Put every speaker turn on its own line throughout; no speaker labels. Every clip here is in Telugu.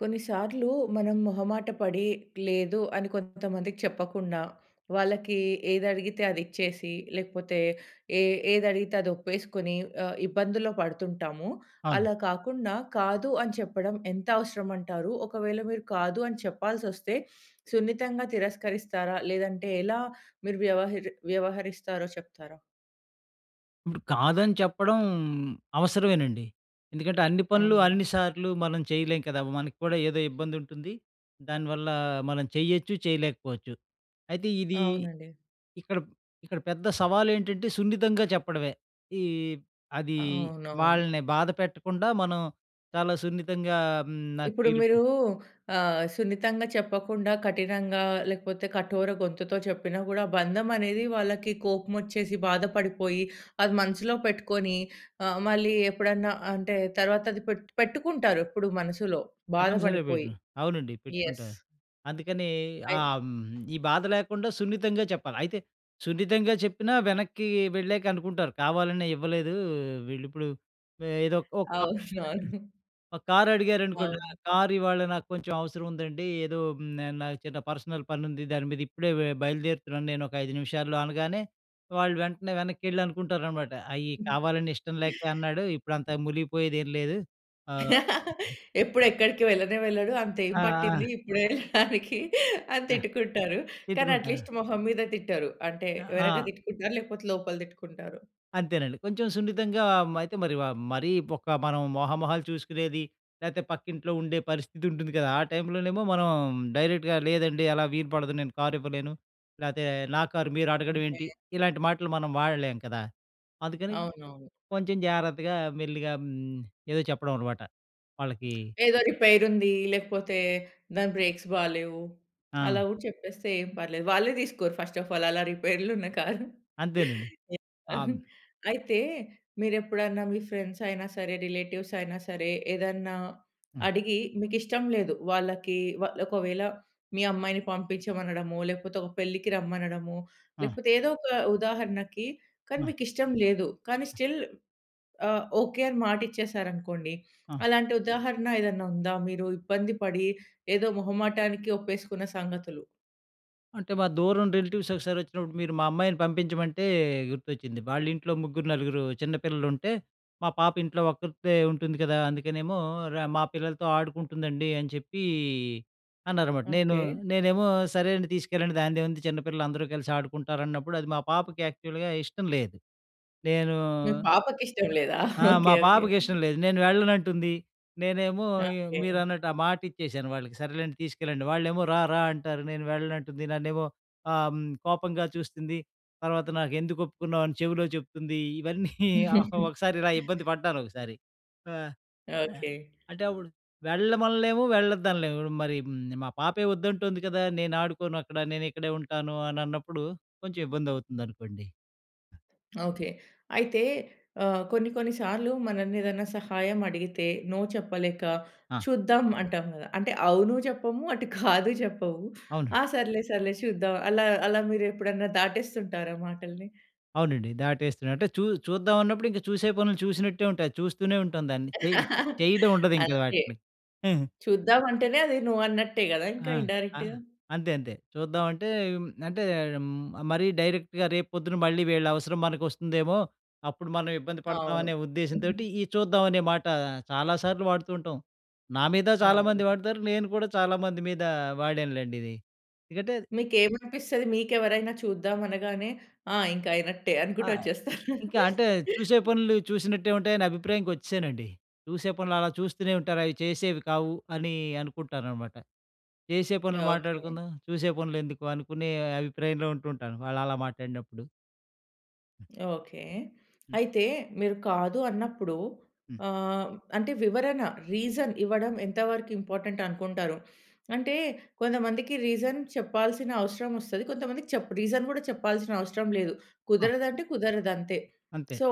కొన్నిసార్లు మనం మొహమాట పడి, లేదు అని కొంతమందికి చెప్పకుండా వాళ్ళకీ ఏది అడిగితే అది ఇచ్చేసి, లేకపోతే ఏ ఏది అడిగితే అది ఒప్పేసుకొని ఆహ్, ఇబ్బందులో పడుతుంటాము.
అవును.
అలా కాకుండా, కాదు అని చెప్పడం ఎంత అవసరం అంటారు. ఒకవేళ మీరు కాదు అని చెప్పాల్సొస్తే సున్నితంగా తిరస్కరిస్తారా? లేదంటే ఎలా మీరు వ్యవహరి వ్యవహరిస్తారో చెప్తారా?
ఇప్పుడు కాదని చెప్పడం అవసరమేనండి. ఎందుకంటే అన్ని పనులు
అవును.
అన్నిసార్లు మనం చేయలేం కదా! మనక్కూడా ఏదో ఇబ్బంది ఉంటుంది. దానివల్ల మనం చేయొచ్చు, చేయలేకపోవచ్చు. అయితే ఇది
అవునండి.
ఇక్కడ, ఇక్కడ పెద్ద సవాలు ఏంటంటే సున్నితంగా చెప్పడమే. ఈ అది
అవునవును.
వాళ్ళని బాధ పెట్టకుండా మనం చాలా సున్నితంగా హ్మ్, నాకు
ఇప్పుడు మీరు
వీలుపడ
ఆహ్, సున్నితంగా చెప్పకుండా కఠినంగా లేకపోతే కఠోర గొంతుతో చెప్పినా కూడా బంధం అనేది వాళ్ళకి కోపం వచ్చేసి, బాధపడిపోయి అది మనసులో పెట్టుకొని, ఆ! మళ్ళీ ఎప్పుడన్నా అంటే తర్వాత అది పెట్టు పెట్టుకుంటారు. ఎప్పుడు మనసులో,
తప్పనిసరిగా
బాధపడిపోయి.
పెట్టుదం. అవునండి
యెస్.
పెట్టుకుంటా. అందుకని ఆ!
అయి
హ్మ్. ఈ బాధ లేకుండా సున్నితంగా చెప్పాలి. అయితే సున్నితంగా చెప్పినా వెనక్కి వెళ్ళాక అనుకుంటారు, కావాలనే ఇవ్వలేదు. వీళ్ళు ఇప్పుడు, ఏదో ఒక [unintelligible]
అవునవును.
ఒక కార్ అడిగారనుకోండి. ఆ
అవును.
కార్ ఇవాళ నాకు కొంచెం అవసరం ఉందండి. ఏదో హ్మ్. నాకు చిన్న పర్సనల్ పనుంది. దాని మీద ఇప్పుడే వె బయలుదేరుతున్నాను నేను ఒక 5 నిమిషాల్లో అనగానే, వాళ్ళు వెంటనే వెనక్కేళ్ళి అనుకుంటారన్నమాట. అయ్యి కావాలని ఇష్టం లేక అన్నాడు ఇప్పుడు అంత ములిగిపోయేది ఏం లేదు. ఆ!
ఎప్పుడు ఎక్కడికి వెళ్ళనే వెళ్ళడు అంతేం
ఆ! ఆ!
పట్టింది. ఇప్పుడే వెళ్ళడానికి అని
ఆ!
తిట్టుకుంటారు. కానీ
తిట్టుకుంటా.
అట్లీస్ట్ మొహం మీద తిట్టరు. అంటే
ఆ!
వెనక
ఆ!
తిట్టుకుంటారు లేకపోతే లోపల తిట్టుకుంటారు.
అంతేనండి. కొంచెం సున్నితంగా మ అయితే మరి ఆహ్, మరీ ఒక మనం మొహ మొహాలు చూసుకునేది లేపోతే పక్కింట్లో ఉండే పరిస్థితి ఉంటుంది కదా! ఆ టైమ్‌లోనేమో మనం డైరెక్ట్‌గా లేదండి అలా వీలుపడదు నేను కార్ ఇవ్వలేను, లేపోతే నా కారు మీరు అడగడం
ఓకే.
ఏంటి ఇలాంటి మాటలు మనం వాడలేము కదా! అందుకని
అవునవును.
కొంచెం జాగ్రత్తగా మెల్లిగా హ్మ్. ఏదో చెప్పడం అన్నమాట. వాళ్ళకి
ఏదో రిపేర్ ఉంది. లేకపోతే దాని బ్రేక్స్ బాలేవు.
ఆ!
అలా గూడా చెప్పేస్తే ఏం పర్లేదు. వాళ్ళే తీసుకోరు ఫస్ట్ అఫ్ ఆల్ అలా రిపేర్లు ఉన్న కారు.
అంతేనండి. ఆ! హ్మ్.
అయితే మీరెప్పుడన్నా మీ ఫ్రెండ్స్ అయినా సరే, రిలేటివ్స్ అయినా సరే, ఏదన్నా
హ్మ్.
అడిగి మీకు ఇష్టం లేదు. వాళ్ళకి వాళ్ళొకవేళ మీ అమ్మాయిని పంపించమనడమో, లేకపోతే ఒక పెళ్ళికి రమ్మనడమో,
ఆ!
లేకపోతే ఏదో ఒక ఉదాహరణకి కానీ
ఆ!
మీకు ఇష్టం లేదు. కానీ స్టిల్ ఆహ్, ఓకే అని మాట ఇచ్చేశారనుకోండి
హ్మ్.
అలాంటి ఉదాహరణ ఏదన్నా ఉందా? మీరు ఇబ్బంది పడి ఏదో మొహమాటానికి ఒప్పేసుకున్న సంగతులు?
అంటే మా దూరం రిలేటివ్స్ ఒకసారి వచ్చినప్పుడు మీరు మా అమ్మాయిని పంపించమంటే గుర్తొచ్చింది. వాళ్ళ ఇంట్లో ముగ్గురు, నలుగురు చిన్న పిల్లలుంటే, మా పాప ఇంట్లో ఒక్కర్తే ఉంటుంది కదా! అందుకనేమో ర మా పిల్లలతో ఆడుకుంటుందండి అని చెప్పీ అన్నారన్నమాట. నేను,
ఓకే.
నేనేమో సరే అండి తీసుకెళ్ళండి దానిదేముంది చిన్న పిల్లలు అందరూ కలిసి ఆడుకుంటారన్నప్పుడు, అది మా పాపకి యాక్చువల్‌గా ఇష్టం లేదు. నేను
మీ పాపకి ఇష్టం లేదా.
ఆ!
ఓకే.
మా
ఓకే.
పాపకి ఇష్టం లేదు. నేను వెళ్ళనంటుంది. నేనేమో
ఓకే.
మీరన్నట్టు, ఆ మాట ఇచ్చేసాను వాళ్ళకి సరేలేండి తీసుకెళ్ళండి. వాళ్ళేమో రారా అంటారు. నేను వెళ్ళనంటుంది నన్నేమో ఆహ్, కోపంగా చూస్తుంది. తర్వాత నాకు ఎందుకు ఒప్పుకున్నావు అని నాకు చెవిలో చెప్తుంది. ఇవన్నీ ఒకసారి ఇలా ఇబ్బంది పడ్డాను ఒకసారి. ఆహ్, ఆహ్
ఓకే.
అంటే అప్పుడు వెళ్ళమనలేము, వెళ్ళొద్దనలేము. హ్మ్, మరి మా పాపే వద్దంటుంది కదా! నేను ఆడుకోను అక్కడ నేను ఇక్కడే ఉంటాను అని అన్నప్పుడు, కొంచెం ఇబ్బంది అవుతుందనుకోండి.
ఓకే. అయితే ఆహ్, కొన్ని కొన్ని సార్లు మనల్ని ఏదైనా సహాయం అడిగితే, నో చెప్పలేక
ఆ!
చూద్దాం అంటాం కదా! అంటే అవును చెప్పము, అటు కాదు చెప్పవు
అవునండి.
ఆ! సర్లే సర్లే చూద్దాం అలా, అలా మీరు ఎప్పుడైనా దాటేస్తుంటారా మాటల్ని?
అవునండి. దాటేస్తున్నా, అంటే చూ చూద్దాం అన్నప్పుడు ఇంక చూసే పనులు చూసినట్టే ఉంటాయి, చూస్తూనే ఉంటాం దాన్ని, చేయ చేయడం ఉండదు ఇంకా
అంతే.
వాటిని.
చూద్దాం అంటేనే అది నో అన్నట్టే కదా! ఇంక
ఆ! ఆ!
ఇన్‌‌డైరెక్ట్‌‌గా.
అంతే అంతే. చూద్దాం అంటే, అంటే మరీ డైరెక్ట్‌గా రేపు పొద్దున, మళ్ళీ వీళ్ళ అవసరం మనకు వస్తుందేమో అప్పుడు మనం ఇబ్బంది పడతాం
అవును.
అనే ఉద్దేశంతోటి, ఈ చూద్దాం అనే మాట చాలాసార్లు వాడుతూ ఉంటాం. నా మీద
అవును.
చాలామంది వాడతారు. నేను కూడా చాలామంది మీద వాడానులెండి ఇది. ఎందుకంటే
మీకు ఏమనిపిస్తది. మీకు ఎవరైనా చూద్దాం అనగానే ఆ! ఇంక అయినట్టే
ఆ!
అనుకుంటూ వచ్చేస్తారు.
ఇంకా అంటే చూసే పనులు చూసినట్టే ఉంటాయి. నా అభిప్రాయంకి వచ్చేసానండి. చూసే పనులు అలా చూస్తూనే ఉంటారు. అవి చేసేవి కావు అని అనుకుంటానన్నమాట. చేసే పనులు
ఓకే.
మాట్లాడుకుందాం. చూసే పనులు ఎందుకు అనుకునే అభిప్రాయంలో ఉంటుంటాను. వాళ్ళు అలా మాట్లాడినప్పుడు. హ్మ్.
ఓకే.
హ్మ్.
అయితే, మీరు కాదు అన్నప్పుడు,
హ్మ్.
ఆహ్, అంటే, వివరణ, రీజన్ ఇవ్వడం ఎంతవరకింపార్టెంటనుకుంటారు? అంటే, కొంతమందికి రీజన్ చెప్పాల్సిన అవసరమొస్తది, కొంతమందికి చప్ రీజన్ గూడా చెప్పాల్సిన అవసరం లేదు.
ఆ!
కుదరదంటే, కుదరదంతే.
అంతే.
సో,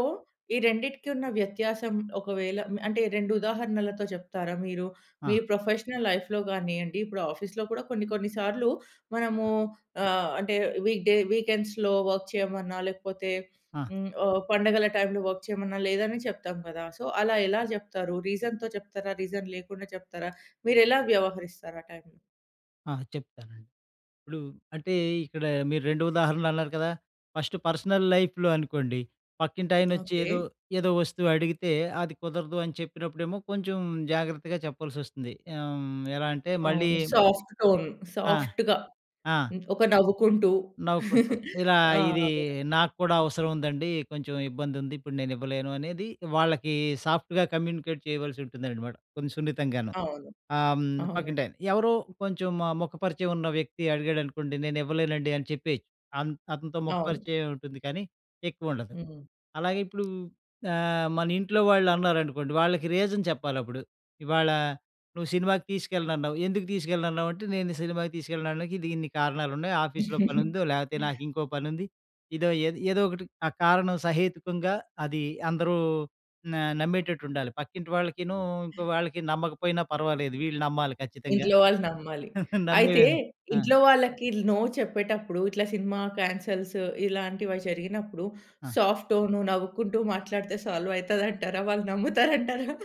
ఈ రెండిటికి ఉన్న వ్యత్యాసం, ఒకవేళ మ్ అంటే, 2 ఉదాహరణలతో చెప్తారా? మీరు, మీ
ఆ!
ప్రొఫెషనల్ లైఫ్‌లో గానియ్యండి, ఇప్పుడు ఆఫీస్‌లో గూడా కొన్ని కొన్ని సార్లు మనమూ
ఆ!
ఆహ్, అంటే, వీక్‌ డే, వీకెండ్స్‌లో వర్క్ చెయమన్నా, లేకపోతే
ఆ!
హ్మ్, ఓ పండగల టైమ్‌లో వర్క్ చెయమన్నా, లేదనే చెప్తాం గదా! సో, అలా ఎలా జెప్తారు? రీజన్‍తో చెప్తారా? రీజన్ లేకుండా చెప్తారా? మీరెలా వ్యవహరిస్తారు ఆ టైమ్‌లో?
ఆ! చెప్తానండి. ఇప్పుడు అంటే, ఇక్కడ మీరు 2 ఉదాహరణలు అన్నారు కదా! ఫస్ట్ పర్సనల్ లైఫ్‌లో అనుకోండి, పక్కింటాయనొచ్చి ఏదో,
ఓకే.
ఏదో వస్తువడిగితే, అది కుదరదు అని చెప్పినప్పుడేమో కొంచుం జాగ్రత్తగా చెప్పాల్సొస్తుంది. ఆహ్, హ్మ్. ఎలా అంటే, మళ్ళీ
అవును. Soft tone.
ఆ!
సాఫ్ట్‌గా
ఆ!
హ్మ్. ఒక నవ్వుకుంటూ.
నవ్వుకుంటూ. ఇలా
ఆ!
ఇదీ
అదే.
నాకు కూడా అవసరం ఉందండీ, కొంచుం ఇబ్బందుంది. ఇప్పుడు నేనివ్వలేను అనేది వాళ్ళకి సాఫ్ట్‌గా కమ్యూనికేట్ చేయవలసుంటుందనమాట, కొంచుం సున్నితంగాను,
అవును.
ఆహ్, హ్మ్,
అవునండి.
పక్కింటాయన. ఎవరో కొంచం మ ముఖ పరిచయవున్న వ్యక్తి అడిగాడనుకోండి, నేనివ్వలేనండి అని చెప్పెయొచ్చు. అన్ అతనితో ముఖ
అవును.
పరిచయమే ఉంటుంది, కానీ ఎక్కువుండదు.
హ్మ్.
అలాగే, ఇప్పుడూ ఆహ్, మనింట్లో వాళ్ళన్నారనుకోండి, వాళ్ళకి రీజన్ చెప్పాలప్పుడు. ఇవాళ నువ్వు సినిమాకి తీసుకెళ్ళనన్నావు, ఎందుకు తీసుకెళ్ళనన్నావంటే, నేను సినిమాకి తీసుకెళ్ళడానికి ఇది ఇన్ని కారణాలున్నాయి. ఆఫీస్‌లో పనుందో, లేపోతే నాకింకో పనుంది. ఇదో, ఏద్ ఏదోకటి, ఆ కారణం సహేతుకుంగా, అది అందరూ నా నమ్మేటట్టుండాలి. పక్కింటి వాళ్ళకినూ, ఇంకో వాళ్ళకి నమ్మకపోయినా పర్వాలేదు. వీళ్ళు నమ్మాలి ఖచ్చితంగా.
ఇంట్లో వాళ్ళు నమ్మాలి. అయితే,
నమ్మేవేన్ ఆ!
ఇంట్లో వాళ్ళకిల్ నో చెప్పేటప్పుడు, ఇట్లా సినిమా కాన్సెల్స్‌, ఇలాంటివ జరిగినప్పుడు,
ఆ!
సాఫ్ట్ టోన్ నవ్వుకుంటూ మాట్లాడితే సాల్వయితదంటారా? వాళ్ళు నమ్ముతారంటారా?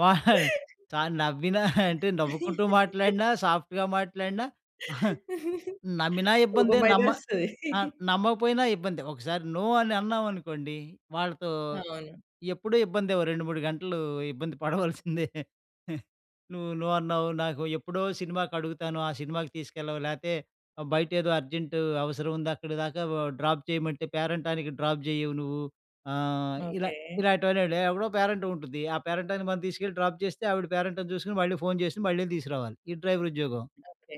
వా చ నవ్వినా అంటే నవ్వుకుంటూ మాట్లాడినా, సాఫ్ట్‌గా మాట్లాడిన నమ్మినా ఇబ్బందే,
కోపమయితే
నమ్మ
ఒస్తది.
ఆహ్, నమ్మకపోయినా ఇబ్బందే. ఒకసారి నో అని అన్నామనుకోండి, వాళ్ళతో
అవును.
ఎప్పుడూ ఇబ్బందే. ఓ 2, 3 గంటలూ ఇబ్బంది పడవలసిందే. నువ్వు నో అన్నావు. నాకు ఎప్పుడో సినిమాకడుగుతాను, ఆ సినిమాకి తీసుకెళ్ళవు. లేతే, బయటేదో అర్జెంటూ అవసరవుందక్కడి దాకా వా డ్రాప్ చెయమంటే, పేరంటానికి డ్రాప్ జెయ్యవు నువ్వు, ఆహ్, ఇలా
ఓకే.
ఇలాంటివన్నండి. ఎవడో పేరంటవుంటుంది, ఆ పేరంటానికి మనం తీసుకెళ్ళి డ్రాప్ చేస్తే, ఆవిడ పేరంటం చూసుకొని మళ్ళీ ఫోన్ చేసి, మళ్ళీ తీసురావాలి. ఇది డ్రైవరుద్యోగం.
ఓకే.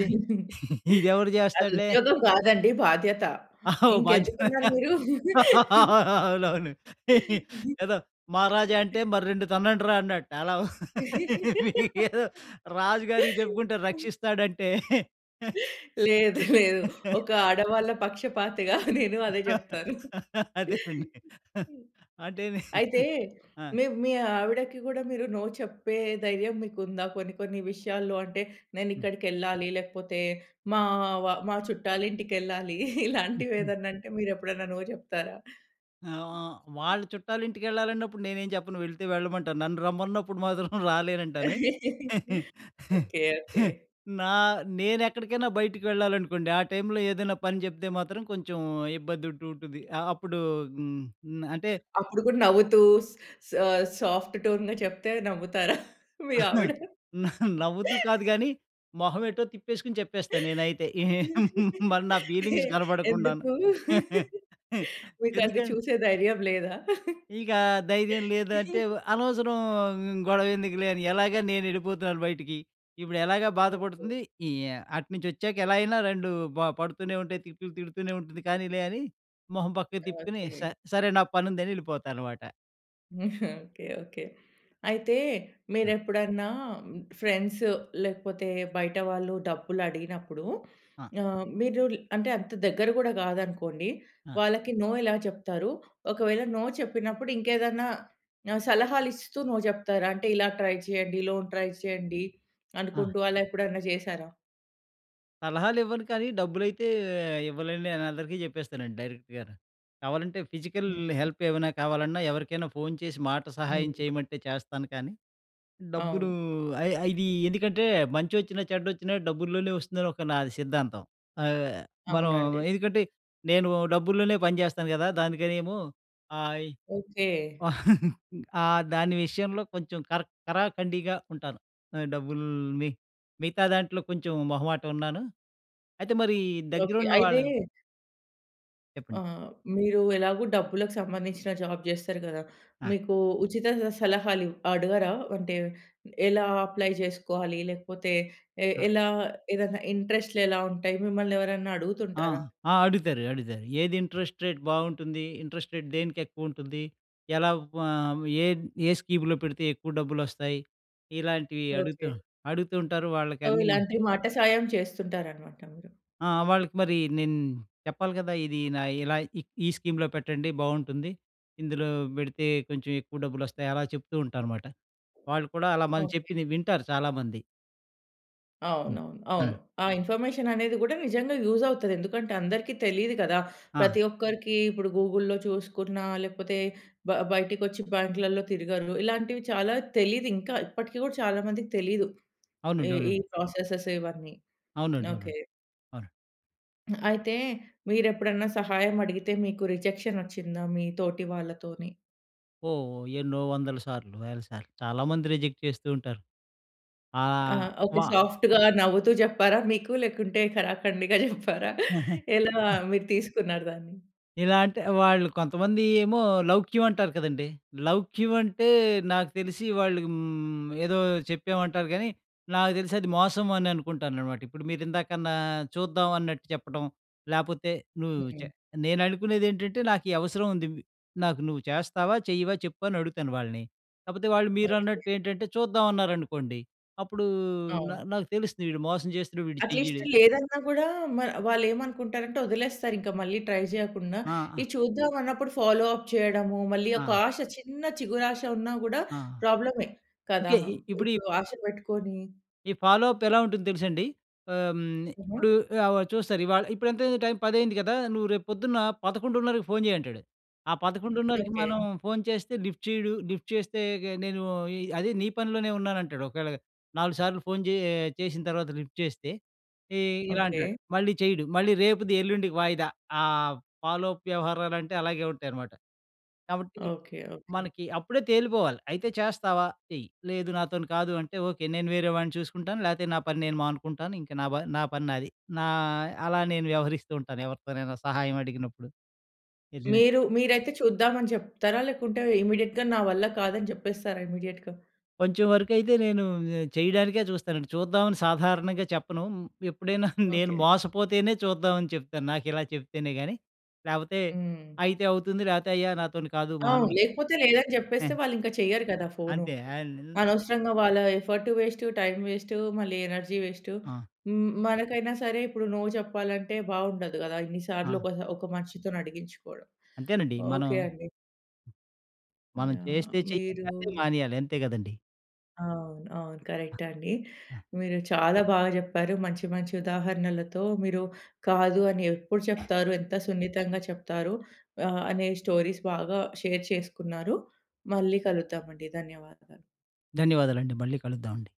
ఇది ఇదెవడు చేస్తాడులే.
అదుద్యోగం గాదండి, బాధ్యత.
ఆహా! బాధ్యత
ఇంకెందుకున్నారు మీరు?
అవునవును ఏదో మహారాజా అంటే, మరి రెండు తన్నండ్రా అన్నాడట. అలా మీరేదో రాజు గారికి చెప్పుకుంటే, రక్షిస్తాడంటే
లేదు. లేదు. ఒక ఆడవాళ్ళ పక్షపాతిగా నేను అదే చెప్తాను.
అదేనండి.
హ్మ్.
అంటే, నే
అయితే,
ఆ!
మివ్ మీ ఆవిడకి గూడా మీరు నో చెప్పే ధైర్యం మీకుందా కొన్ని కొన్ని విషయాల్లో? అంటే,
హ్మ్.
నేనిక్కడికెళ్ళాలి, లేకపోతే మావ మా చుట్టాలింటికెళ్ళాలి
హుహు.
ఇలాంటివేదన్నంటే, మీరు ఎప్పుడైనా నో చెప్తారా?
ఆ! ఆ! వాళ్ళ చుట్టాలింటికెళ్ళాలన్నప్పుడు నేనేం చెప్పను, వెళ్తే వెళ్ళమంటాను. నన్ను రమ్మన్నప్పుడు మాత్రం రాలేనంటాను.
ఓకే. ఓకే.
నా నేనెక్కడికైనా బయటికి వెళ్ళాలనుకోండి, ఆ టైమ్‌లో ఏదన్నా పని చెప్తే మాత్రం కొంచుం ఇబ్బందుంటూ ఉంటుంది. ఆహ్, అప్పుడూ హ్మ్, హ్మ్, అంటే
అప్పుడు గూడా నవ్వుతూ, స్ స సాఫ్ట్ టోన్‌‌గా చెప్తే అది నమ్ముతారా మీ ఆవిడ?
నవ్వుతూ కాదు గానీ, మొహవెటో తిప్పేసుకుని చెప్పేస్తా నేనైతే. ఏహ్ మరి నా
ఎ
ఫీలింగ్స్ కనపడకుండాను.
ఎందుకు? మీకది
ఎందుకన్
చూసే ధైర్యం లేదా?
ఇకా ధైర్యం లేదంటే, వ అనవసరం హ్మ్, గొవెందుకులే అని, ఎలాగా నేనెళ్ళిపోతున్నాను బయటకి. ఇప్పుడెలాగా బాధ
ఓకే.
పడుతుంది, ఈ యా అటునుంచొచ్చాక ఎలా అయినా రెండూ బ పడుతూనే ఉంటాయి, తిట్లు తిడుతూనే ఉంటుంది, కానీలే అని మొహం పక్కకి తిప్పుకొనీ,
ఓకే.
స సరే నా పనుందని ఎళ్ళిపోతానమాట.
ఓకె. ఓకె. అయితే
ఆ!
మీరెప్పుడన్నా మ్ ఫ్రెండ్స్ లేకపోతే బయట వాళ్ళు డబ్బులడిగినప్పుడు,
ఆ!
ఆహ్, మీరు ల్ అంటే అంత దగ్గర గూడా గాదనుకోండి
ఆ!
వాళ్ళకి నో ఎలా జెప్తారు? ఒకవేళ నో చెప్పినప్పుడు ఇంకేదన్నా ఆహ్, సలహాలిస్తూ నో చెప్తారా? అంటే ఇలా ట్రై చేయండి, లోన్ ట్రై చేయండి
ఆ!
అనుకుంటూ అలా ఎప్పుడన్నా జెశారా?
సలహాలు ఇవ్వను కానీ డబ్బులైతే ఇవ్వలేననని నేను అందరికీ జెప్పేస్తానండి డైరెక్ట్‌గా‌ను. కావాలంటే ఫిజికల్
ఓకె.
హెల్ప్ ఏమైనా కావాలన్నా, ఎవరికైనా ఫోన్ చేసి మాట సహాయం
హ్మ్.
చేయమంటే చేస్తాను కానీ, డబ్బులు
అవును.
ఐ ఐ ఇది ఎందుకంటే మంచొచ్చినా, చెడ్డొచ్చినా డబ్బుల్లోనే ఒస్తుందని ఒక నాది సిద్ధాంతం. ఆహ్, మనం
అవునండి.
ఎందుకంటే నేను డబ్బుల్లోనే పని జెస్తాను గదా! దానికనేమో ఆహ్, ఇ
ఓకె.
ఆ! దాని విషయంలో కొంచెం కర కరాకండిగా ఉంటాను. ఆహ్, డబ్బులు మి మిగతా దాంట్లో కొంచెం మొహమాటున్నాను. అయితే మరి దగ్గర
ఓకె.
ఉన్న
అయితే
వాళ్ళని చెప్పండి.
ఆ! మీరు ఎలాగో డబ్బులకు సంబంధించిన జాబ్ చేస్తరు గదా!
ఆ!
మీకు ఉచిత స సలహాలు అడగరా? అంటే ఎలా అప్లై జెసుకోవాలి? లేకపోతే ఏ
ఆ!
ఎలా ఏదైనా ఇంట్రెస్ట్‌లు ఎలా ఉంటాయి? మిమ్మల్ని ఎవరైనా
ఆ!
అడుగుతుంటారా?
ఆ! అడుగుతారు అడుగుతారు. ఏది ఇంట్రెస్ట్ రేట్ బావుంటుంది? ఇంట్రెస్ట్ రేట్ దేనికెక్కువుంటది? ఎలా వ ఏ, ఏ స్కీమ్‌లో పెడితే ఎక్కువ డబ్బులొస్తాయి. ఇలాంటివి
ఓకె.
అడుగుతు అడుగుతూంటారు
సో
వాళ్ళకన్నీ‌ను
ఇలాంటి మాట సాయం చేస్తుంటారన్నమాట మీరు.
ఆహ్, వాళ్ళకి మరి నేను చెప్పాలి కదా! ఇది నా ఇలా ఈ, ఈ స్కీమ్‌లో పెట్టండి, బావుంటుంది. ఇందులో బెడితే కొంచెం ఎక్కువ డబ్బులోస్తాయి అలా చెప్తూంటానుమాట. వాళ్ళు కూడా అలా మనం
ఓకె.
చెప్పింది వింటారు చాలామంది. హ్మ్.
అవునవును. అవును.
హ్మ్.
ఆ ఇన్ఫర్మేషన్ అనేది గూడా నిజంగా యూజవుతది. ఎందుకంటే అందరికీ తెలీదు కదా!
ఆ!
ప్రతి ఒక్కరికి ఇప్పుడు గూగుల్‌లో చూసుకున్నా లేకపోతే బ బయటికొచ్చి బ్యాంక్‌లల్లో తిరగరు. ఇలాంటివి చాలా తెలీదింకా. ఇప్పటికి కూడా చాలా మందికి తెలీదు. ఈ
అవునండి.
ఈ
అవునండి.
ప్రాసెసెస్ ఇవన్నీ.
అవునండి, అవునండి.
ఓకె.
అవునండి.
అయితే మీరెప్పుడన్నా సహాయం అడిగితే మీకు రిజెక్షనొచ్చిందా మీ తోటి వాళ్ళతోని?
ఓహ్! ఎన్నో వందల సార్లు, వేల సార్లు చాలా మంది రిజెక్ట్ చేస్తూ ఉంటారు.
ఆ!
ఆహ్,
ఒక
వా
సాఫ్ట్‌గా నవ్వుతూ జెప్పారా మీకు? లేకుంటే కరాకండిగా జెప్పారా? ఎలా మీరు తీసుకున్నారు దాన్ని?
ఇలా అంటే వాళ్ళు కొంతమంది ఏమో లౌక్యం అంటారు కదండీ! లౌక్యం అంటే నాకు తెలిసి వాళ్ళు హ్మ్, ఏదో చెప్పామంటారు గానీ, నాకు తెలిసది మోసం అని అనుకుంటాననమాట. ఇప్పుడు మీరు ఇందాకన్నా చూద్దామన్నట్టు చెప్పడం లేపోతే నువ్వు చె
హ్మ్.
నేను అనుకునేదేంటంటే నాకు ఈ అవసరముంది. ఇవ్ నాకు నువ్వు చేస్తావా? చెయ్యవా? చెప్పు అని అడుగుతాను వాళ్ళని. కాకపోతే వాళ్ళు
ఓకె.
మీరన్నట్టు ఏంటంటే చూద్దామన్నారనుకోండి, అప్పుడూ న
అవును.
నాకు తెలుస్తది వీడు మోసం చేస్తడు వీడు
అట్‌లీస్ట్
చెయ్యడు.
లేదన్నా గూడా మ వాళ్ళేమనుకుంటారంటే వదిలేస్తారింక. మళ్ళీ ట్రై జేయకుండా.
ఆ! ఆ!
ఇది చూద్దామన్నప్పుడు ఫాలో అప్ చేయడము. మళ్ళీ ఒక
ఆ!
ఆశ చిన్న చిగురాశ ఉన్నా గూడా
ఆ!
ప్రాబ్లమే. కదా!
ఇంకా ఇ ఇప్పుడు
ఇప్పుడు ఆశ పెట్టుకొని
ఈ ఫాలో అప్ ఎలా ఉంటుందో తెలుసండి. ఆహ్, హ్మ్.
హుహు.
ఇప్పుడు ఆవ చూస్తారు ఇవాళ, ఇప్పుడెంతైంది టైము పదయ్యింది కదా! నువ్వు రేపొద్దున్న 11:30కి ఫోన్ చెయ్యంటాడు. ఆ 11:30కి
ఓకె.
మనం ఫోన్ చేస్తే లిఫ్ట్ చేయడు. లిఫ్ట్ చేస్తే ఇగే నేను ఈ అదే నీ పనిలోనే ఉన్నానంటాడు. ఒకవేళ 4 సార్లు ఫోను చే చేసిన తర్వాత లిఫ్ట్ చేస్తే ఏ ఇలా
ఓకె.
అంటాడు. మళ్ళీ చేయడు. మళ్ళీ రేపుది, ఎల్లుండికి వాయిదా. ఆహ్, ఫాలో అప్ వ్యవహారాలంటే అలాగే ఉంటాయనమాట. కాబట్టి
ఓకె. ఓకె.
మనకి అప్పుడే తేలిపోవాలి. అయితే, చేస్తావా? చెయ్యి. లేదు నాతోని కాదు అంటే ఓకె. నేను వేరే వాడిని చూసుకుంటాను. లేతే నా పని నేను మానుకుంటాను ఇంక నాబ నా పని నాది. నా అలా నేను వ్యవహరిస్తూ ఉంటాను ఎవరితోనైనా సహాయమడిగినప్పుడు. నిజమే.
మీరూ మీరైతే చూద్దామని జెప్తారా? లేకుంటే ఇమ్మీడియేట్‌గా నా వల్ల కాదని జెప్పేస్తారా ఇమ్మీడియేట్‌గా?
కొంచెం వరకైతే నేనూ చేయడానికే చూస్తానండి. చూద్దామని సాధారణంగా చెప్పను. ఎప్పుడైనా నేను
ఓకె.
మోసపోతేనే చూద్దామని చెప్తాను. నాకు ఇలా చెప్తేనే గాని లేపోతే
హ్మ్.
అయితే అవుతుంది లేపోతే అయ్యా నాతోని కాదు!
అవును.
మహానుభ
లేకపోతే లేదని జెప్పేస్తే వాళ్ళీంక చెయ్యరు కదా! ఫోనూ.
అంతే అన్
అనవసరంగా వాళ్ళ ఎఫర్టు వేస్టు, టైము వేస్టు, మళ్ళీ ఎనర్జీ వేస్టు.
ఆ!
హ్మ్ మనకైనా సరే ఇప్పుడు నో చెప్పాలంటే బావుండదు గదా! ఇన్ని సార్లు
ఆ!
ఒక ఒక మనిషితోనడిగించుకోడం.
అంతేనండి. మనం
ఓకె అండి.
మనం
యాహ్!
చేస్తే చెయ్యాలి
మీరూ
లెకపోతె మానేయాలి. అంతే కదండీ.
అవును. అవును.
ఆ!
కరెక్టండి.
ఆ!
మీరు చాలా బాగ జెప్పారు మంచి మంచి ఉదాహరణలతో. మీరు కాదు అని ఎప్పుడు చెప్తారు. ఎంత సున్నితంగా చెప్తారు ఆహ్, అనే స్టోరీస్ బాగా షేర్ చేసుకున్నారు. మళ్ళీ కలుద్దామండి. ధన్యవాదాలు.
ధన్యవాదాలండి. మళ్ళీ కలుద్దామండి.